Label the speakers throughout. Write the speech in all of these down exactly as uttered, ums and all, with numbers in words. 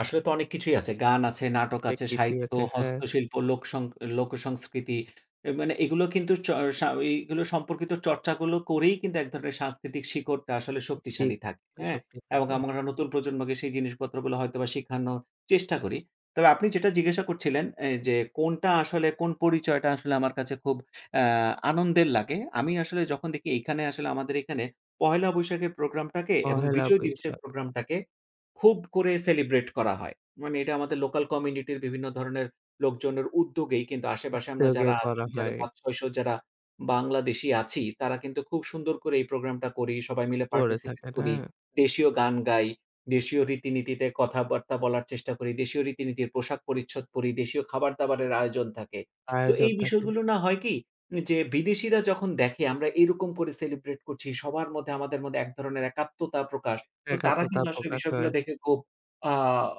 Speaker 1: আসলে তো অনেক কিছুই আছে। গান আছে, নাটক
Speaker 2: অনেক
Speaker 1: আছে,
Speaker 2: কিছুই
Speaker 1: সাহিত্য,
Speaker 2: আছে। হ্যাঁ।
Speaker 1: হস্তশিল্প, লোক সং লোকসংস্কৃতি। এ মানে এগুলো কিন্তু চ সা ওইগুলো সম্পর্কিত চর্চা গুলো করেই কিন্তু এক ধরনের সাংস্কৃতিক শিকড়টা আসলে
Speaker 2: জি
Speaker 1: শক্তিশালী থাকে,
Speaker 2: [unintelligible]
Speaker 1: হ্যাঁ?
Speaker 2: শক্তি
Speaker 1: এবং
Speaker 2: থাকে।
Speaker 1: আমরা
Speaker 2: হ্যাঁ।
Speaker 1: একটা নতুন প্রজন্মকে সেই জিনিসপত্রগুলো হয়তোবা শিখানোর চেষ্টা করি। তবে আপনি যেটা জিজ্ঞাসা করছিলেন অ্যা যে কোনটা আসলে কোন পরিচয়টা আসলে আমার কাছে খুব অ্যা আনন্দের লাগে? আমি আসলে যখন দেখি এইখানে আসলে আমাদের এইখানে পহেলা বৈশাখের প্রোগ্রামটাকে এবং
Speaker 2: পহেলা
Speaker 1: বিজয় দিবসের
Speaker 2: বৈশাখ।
Speaker 1: প্রোগ্রামটাকে খুব করে celebrate করা হয়। মানে এটা আমাদের লোকাল কমিউনিটির বিভিন্ন ধরনের লোকজনের উদ্যোগেই কিন্তু আশেপাশে আমরা
Speaker 2: উদ্যোগে
Speaker 1: যারা
Speaker 2: করা
Speaker 1: আছি যারা
Speaker 2: হয়।
Speaker 1: পাচ-ছয়শ যারা বাংলাদেশী আছি, তারা কিন্তু খুব সুন্দর করে এই প্রোগ্রামটা করি। সবাই মিলে
Speaker 2: পড়ে
Speaker 1: পার্টিসিপেট
Speaker 2: থাকেন,
Speaker 1: করি,
Speaker 2: হ্যা?
Speaker 1: দেশীয় গান গাই, দেশীয় রীতিনীতিতে কথাবার্তা বলার চেষ্টা করি, দেশীয় রীতিনীতির পোশাক-পরিচ্ছদ পরি। দেশীয় খাবার-দাবারের আয়োজন থাকে। তো
Speaker 2: আয়োজন
Speaker 1: এই
Speaker 2: থাকে।
Speaker 1: বিষয়গুলো না হয় কি? যে বিদেশীরা যখন দেখে আমরা এরকম করে সেলিব্রেট করছি। সবার মধ্যে আমাদের মধ্যে এক ধরনের একাত্মতা প্রকাশ। তো তারা
Speaker 2: একাত্মতা
Speaker 1: কিন্তু আসলে
Speaker 2: প্রকাশ
Speaker 1: বিষয়গুলো
Speaker 2: হয়।
Speaker 1: দেখে খুব আ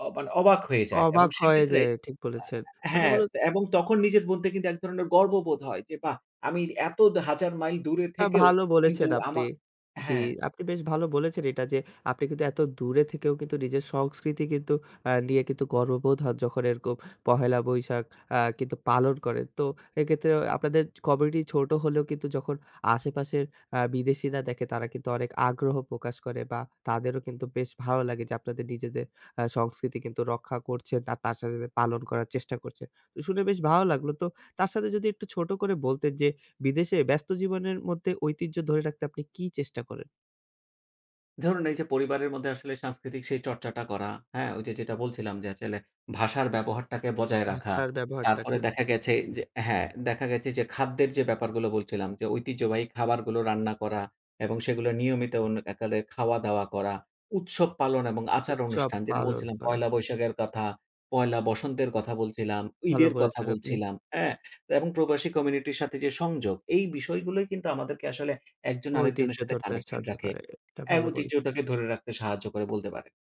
Speaker 1: অ মানে অবাক হয়ে যায় এবং
Speaker 2: অবাক হয়ে
Speaker 1: সেক্ষেত্রে
Speaker 2: যায় ঠিক
Speaker 1: অ্যা
Speaker 2: বলেছেন। মানে
Speaker 1: হ্যাঁ
Speaker 2: বলুন
Speaker 1: এবং তখন নিজের মধ্যে কিন্তু এক ধরনের গর্ববোধ হয়। যে বাহ! আমি এত দ হাজার মাইল দূরে
Speaker 2: না
Speaker 1: থেকেও
Speaker 2: ভালো
Speaker 1: কিন্তু
Speaker 2: বলেছেন আপনি।
Speaker 1: আমা
Speaker 2: জি
Speaker 1: হ্যাঁ।
Speaker 2: আপনি বেশ ভালো বলেছেন এটা যে আপনি কিন্তু এত দূরে থেকেও কিন্তু নিজের সংস্কৃতি কিন্তু অ্যা নিয়ে কিন্তু গর্ববোধ হয় যখন এরকম পহেলা বৈশাখ অ্যা কিন্তু পালন করেন। তো এক্ষেত্রে আপনাদের কমিউনিটি ছোট হলেও কিন্তু যখন আশেপাশের অ্যা বিদেশিরা দেখে, তারা কিন্তু অনেক আগ্রহ প্রকাশ করে বা তাদেরও কিন্তু বেশ ভালো লাগে যে আপনাদের নিজেদের আ সংস্কৃতি রক্ষা করছে আর তার সাথে, সাথে পালন করার চেষ্টা করছে। শুনে বেশ ভালো লাগলো। তো তার সাথে যদি একটু ছোট করে বলতেন যে বিদেশে ব্যস্ত জীবনের মধ্যে ঐতিহ্য ধরে রাখতে আপনি কি চেষ্টা করেন?
Speaker 1: ধরুন এই যে পরিবারের মধ্যে আসলে সাংস্কৃতিক সেই চর্চাটা করা, হ্যাঁ? ওই যে যেটা বলছিলাম যে আচেলে ভাষার ব্যবহারটাকে বজায় রাখা।
Speaker 2: ভাষার ব্যবহারটা,
Speaker 1: তারপরে
Speaker 2: ঠিক।
Speaker 1: দেখা গেছে যে হ্যাঁ দেখা গেছে যে খাদ্যের যে ব্যাপারগুলো বলছিলাম। যে ঐতিহ্যবাহী খাবারগুলো রান্না করা এবং সেগুলো নিয়মিত অন একালে খাওয়া-দাওয়া করা। উৎসব পালন এবং আচার
Speaker 2: উৎসব
Speaker 1: অনুষ্ঠান যেটা
Speaker 2: পালন
Speaker 1: বলছিলাম
Speaker 2: করা।
Speaker 1: পহেলা বৈশাখের কথা, পয়লা বসন্তের কথা বলছিলাম,
Speaker 2: ভালো
Speaker 1: ঈদের কথা
Speaker 2: বলেছেন আপনি।
Speaker 1: বলছিলাম, হ্যাঁ? তো এবং প্রবাসী কমিউনিটির সাথে যে সংযোগ, এই বিষয়গুলোই কিন্তু আমাদেরকে আসলে এক জন
Speaker 2: ঐতিহ্য
Speaker 1: আরেকজনের সাথে
Speaker 2: ধরতে
Speaker 1: কানেক্টেড
Speaker 2: সাহায্য
Speaker 1: রাখে।
Speaker 2: করে। এটা
Speaker 1: অ্যা
Speaker 2: ভালো বলছেন।
Speaker 1: ঐতিহ্যটাকে ধরে রাখতে সাহায্য করে বলতে পারেন।